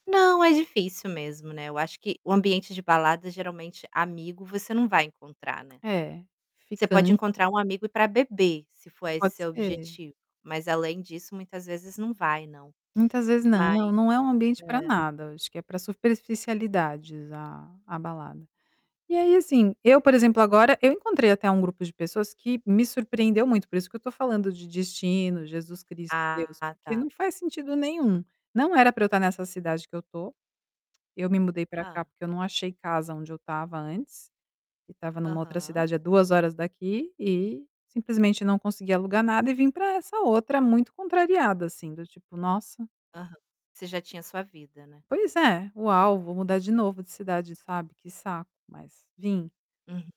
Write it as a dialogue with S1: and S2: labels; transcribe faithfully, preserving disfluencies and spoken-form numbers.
S1: Não, é difícil mesmo, né, eu acho que o ambiente de balada, geralmente, amigo você não vai encontrar, né.
S2: É,
S1: Você pode
S2: fican
S1: encontrar um amigo para beber, se for esse
S2: Pode
S1: seu
S2: ser.
S1: objetivo, mas, além disso, muitas vezes não vai, não.
S2: Muitas vezes, não,
S1: Mas
S2: não é um ambiente pra
S1: é.
S2: nada, acho que é para superficialidades a a balada. E aí assim, eu, por exemplo, agora, eu encontrei até um grupo de pessoas que me surpreendeu muito, por isso que eu estou falando de destino, Jesus Cristo, Deus,
S1: Ah,
S2: que
S1: tá.
S2: não faz sentido nenhum, não era para eu estar nessa cidade que eu estou, eu me mudei para cá,
S1: Hã.
S2: porque eu não achei casa onde eu estava antes, e estava em uma outra
S1: Aham.
S2: cidade, há duas horas daqui, e simplesmente não consegui alugar nada e vim para essa outra, muito contrariada assim, do tipo: "Nossa".
S1: Aham. Você já tinha sua vida, né?
S2: Pois é, "Uau, vou mudar de novo de cidade", sabe, "que saco", mas vim.
S1: Uhum.